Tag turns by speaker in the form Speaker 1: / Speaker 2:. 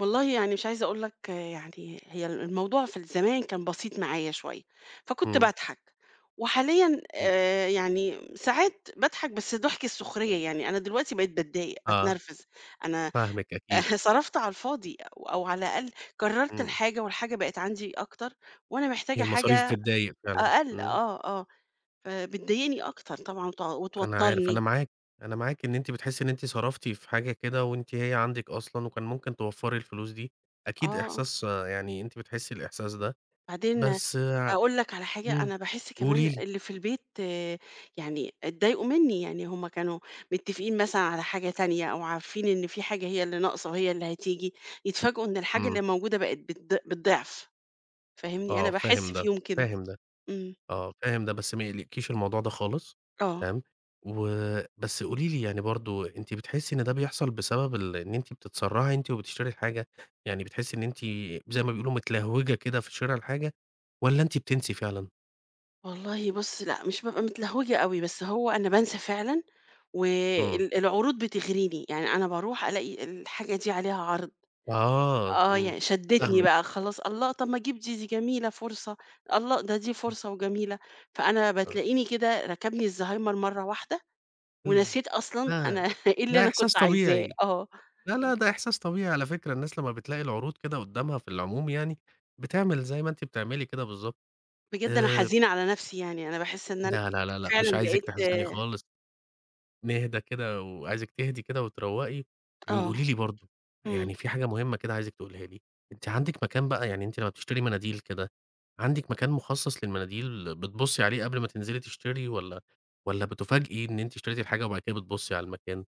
Speaker 1: والله يعني مش عايزة أقول لك يعني، هي ال الموضوع في ال زمان كان بسيط معايا شوية، فكنت
Speaker 2: إمم.
Speaker 1: باضحك، وحاليًا،
Speaker 2: إمم.
Speaker 1: آآ يعني م ساعات باضحك بس ضحك السخرية يعني، أنا دلوقتي بقيت باتضايق،
Speaker 2: آه.
Speaker 1: باتنرفز، أنا
Speaker 2: فاهمِك أكيد.
Speaker 1: صرفت على الفاضي أو أو على الأقل كرّرت
Speaker 2: إمم.
Speaker 1: الحاجة والحاجة بقت عندي أكتر وأنا محتاجة
Speaker 2: هي المصاريف
Speaker 1: حاجة
Speaker 2: بتضايق فعلًا.
Speaker 1: أقل،
Speaker 2: إمم.
Speaker 1: آه، آه، فبتضايقني أكتر طبعًا وت
Speaker 2: أنا عارف، أنا
Speaker 1: وتوتّرني.
Speaker 2: معا أنا معاكِ إن أنتِ بتحسّي إن أنتِ صرفتِ في حاجة كده، وأنتِ هي عندِك أصلًا وكان ممكن توفَّري الفلوس دي، أكيد
Speaker 1: آه.
Speaker 2: إحساس يعني أنتِ بتحسّي الإحساس ده،
Speaker 1: بعدين
Speaker 2: بس ع
Speaker 1: هاقول لك على حاجة،
Speaker 2: إمم،
Speaker 1: أنا باحس
Speaker 2: قولي
Speaker 1: كمان
Speaker 2: لي.
Speaker 1: اللي في البيت يعني اتضايقوا منّي، يعني هُم كانوا متفقين مثلًا على حاجة تانية أو عارفين إن في حاجة هي اللي ناقصة، هي اللي هتيجي، يتفاجئوا إن الحاجة اللي
Speaker 2: إمم.
Speaker 1: موجودة بقِت بالض بالضعف، فاهمني؟ أنا
Speaker 2: آه، فاهم
Speaker 1: باحس
Speaker 2: ده،
Speaker 1: فيهم كده.
Speaker 2: فاهم ده،
Speaker 1: إمم.
Speaker 2: آه فاهم ده، بس ما يقلقكيش الموضوع ده خالص،
Speaker 1: آه.
Speaker 2: تمام، و بس قولي لي يعني برضه أنتِ بتحسي إن ده بيحصل بسبب ال إن أنتِ بتتسرّعي أنتِ وبتشتري الحاجة؟ يعني بتحسّي إن أنتِ زي ما بيقولوا متلهوجة كده في شِرا الحاجة، والّا أنتِ بتنسي فعلًا؟
Speaker 1: والله بُصّ، لأ، مش بابقى متلهوجة أوي، بس هو أنا بانسى فعلًا،
Speaker 2: إمم.
Speaker 1: وال العروض بتغريني، يعني أنا باروح الاقي الحاجة دي عليها عرض،
Speaker 2: آه،
Speaker 1: آه،
Speaker 2: إمم،
Speaker 1: يعني شدّتني
Speaker 2: فاهمِك.
Speaker 1: بقى خلاص الله! طب ما اجيب دي، دي جميلة، فرصة، الله ده دي
Speaker 2: [unintelligible]
Speaker 1: فرصة وجميلة، فأنا
Speaker 2: آه.
Speaker 1: بتلاقيني كده ركبني الزهايمر مَرّة واحدة،
Speaker 2: [unintelligible]
Speaker 1: ونسيت أصلًا أنا
Speaker 2: ده
Speaker 1: إيه اللي
Speaker 2: ده
Speaker 1: أنا
Speaker 2: إحساس
Speaker 1: كنت عايزاه،
Speaker 2: طبيعي،
Speaker 1: آه.
Speaker 2: لا، لا، ده إحساس طبيعي على فكرة، الناس لمّا بتلاقي العروض كده قدّامها في العموم يعني، بتعمل زي ما أنتِ بتعملي كده بالضبط،
Speaker 1: بجد أنا
Speaker 2: آآ
Speaker 1: حزينة على نفْسي يعني، أنا باحس إن أنا
Speaker 2: لا، لا، لا، لأ مش
Speaker 1: فعلًا
Speaker 2: عايزِك
Speaker 1: بقيت
Speaker 2: تحزني خالص. نهدى كده وعايزِك تهدي كده وتروّقي،
Speaker 1: آه.
Speaker 2: وقولي لي برضه،
Speaker 1: إمم.
Speaker 2: يعني في حاجة مهمّة كده عايزِك تقوليها لي، أنتِ عندِك مكان بقى، يعني أنتِ لمّا بتشتري مناديل كده، عندِك مكان مخصص للمناديل بتبُصّي عليه قبل ما تنزلي تشتري والّا والّا بتُفاجئي إن أنتِ اشتريتِ الحاجة وبعد كده بتبُصّي على المكان؟